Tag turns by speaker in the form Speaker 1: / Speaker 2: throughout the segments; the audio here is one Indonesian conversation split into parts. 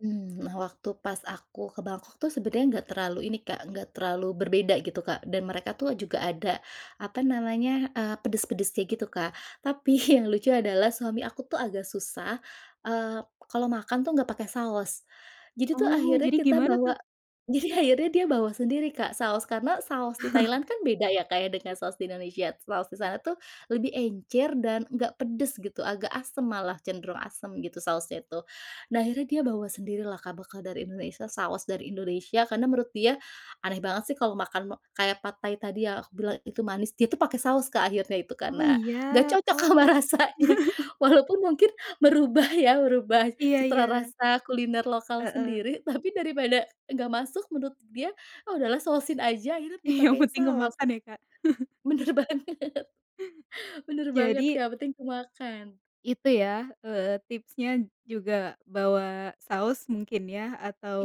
Speaker 1: Mmm, nah waktu pas aku ke Bangkok tuh sebenarnya enggak terlalu ini Kak, enggak terlalu berbeda gitu Kak, dan mereka tuh juga ada, apa namanya, eee, pedes-pedes kayak gitu Kak. Tapi yang lucu adalah, suami aku tuh agak susah, eee, kalau makan tuh enggak pakai saus. Jadi tuh
Speaker 2: Oh
Speaker 1: akhirnya
Speaker 2: jadi
Speaker 1: kita
Speaker 2: gimana
Speaker 1: bawa,
Speaker 2: tuh?
Speaker 1: jadi akhirnya dia bawa sendiri Kak saus, karena saus di Thailand kan beda ya Kak ya dengan saus di Indonesia. Saus di sana tuh, lebih encer dan enggak pedes gitu. Agak asem, malah cenderung asam gitu sausnya itu. Nah akhirnya dia bawa sendiri lah Kak bekal dari Indonesia, saus dari Indonesia. Karena menurut dia, aneh banget sih, kalau makan kayak pad thai tadi ya, aku bilang itu manis, dia itu pakai saus Kak akhirnya itu.
Speaker 2: Oh,
Speaker 1: Karena, enggak
Speaker 2: iya.
Speaker 1: cocok sama
Speaker 2: Oh.
Speaker 1: rasanya, walaupun mungkin, merubah ya, merubah
Speaker 2: Iya
Speaker 1: citra
Speaker 2: iya.
Speaker 1: rasa kuliner lokal
Speaker 2: Heeh.
Speaker 1: sendiri. Tapi daripada, enggak masuk, menurut dia, "Ah, udahlah sausin aja" akhirnya
Speaker 2: I yang
Speaker 1: dipakein
Speaker 2: penting
Speaker 1: saus.
Speaker 2: kemakan ya Kak.
Speaker 1: Benar banget benar banget Kak,
Speaker 2: Jadi
Speaker 1: yang penting kemakan.
Speaker 2: itu ya, eee, tipsnya juga bawa saus mungkin ya,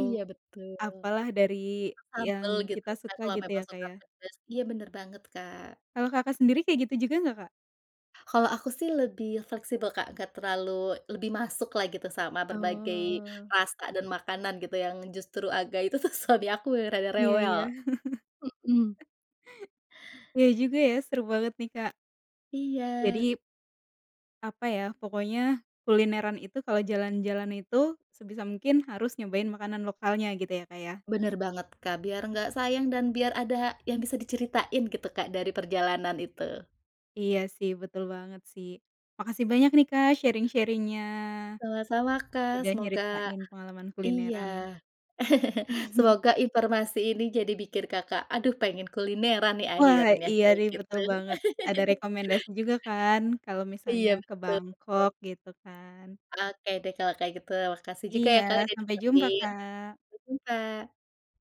Speaker 1: Iya betul.
Speaker 2: apa lah dari
Speaker 1: Suka sambal
Speaker 2: yang
Speaker 1: gitu
Speaker 2: kita
Speaker 1: kan,
Speaker 2: suka
Speaker 1: kalau
Speaker 2: gitu ya
Speaker 1: memang
Speaker 2: Kak
Speaker 1: suka
Speaker 2: ya?
Speaker 1: pedas. Iya benar banget Kak.
Speaker 2: Kalau Kakak sendiri kayak gitu juga enggak Kak?
Speaker 1: Kalau aku sih lebih fleksibel Kak, enggak terlalu lebih masuk lah gitu, sama berbagai
Speaker 2: Oh.
Speaker 1: rasa dan makanan gitu yang justru agak itu tuh suami aku ya rada
Speaker 2: Iya
Speaker 1: rewel,
Speaker 2: iya.
Speaker 1: mhm.
Speaker 2: Iya juga ya, seru banget nih Kak.
Speaker 1: Iya.
Speaker 2: Jadi apa ya, pokoknya, kulineran itu kalau jalan-jalan itu, sebisa mungkin harus nyobain makanan lokalnya gitu ya Kak ya?
Speaker 1: Benar banget Kak, biar enggak sayang dan biar ada yang bisa diceritain gitu Kak dari perjalanan itu.
Speaker 2: Iya sih, betul banget sih. Makasih banyak nih Kak sharing-sharing-nya.
Speaker 1: Sama-sama Kak.
Speaker 2: Sudah
Speaker 1: Semoga
Speaker 2: nyeritain pengalaman
Speaker 1: iya.
Speaker 2: kulineran.
Speaker 1: Semoga informasi ini jadi bikin Kakak, "Aduh pengen kulineran nih
Speaker 2: Wah
Speaker 1: akhirnya"
Speaker 2: iya
Speaker 1: kayak
Speaker 2: nih,
Speaker 1: gitu.
Speaker 2: betul banget. Ada rekomendasi juga kan, kalo misalnya
Speaker 1: Iya,
Speaker 2: ke
Speaker 1: betul betul.
Speaker 2: Bangkok, gitu kan.
Speaker 1: Oke deh kalau kayak gitu, makasih juga ya
Speaker 2: Iya,
Speaker 1: Kak sudah
Speaker 2: sampai jumpa
Speaker 1: dengerin.
Speaker 2: Kak.
Speaker 1: Sampai jumpa.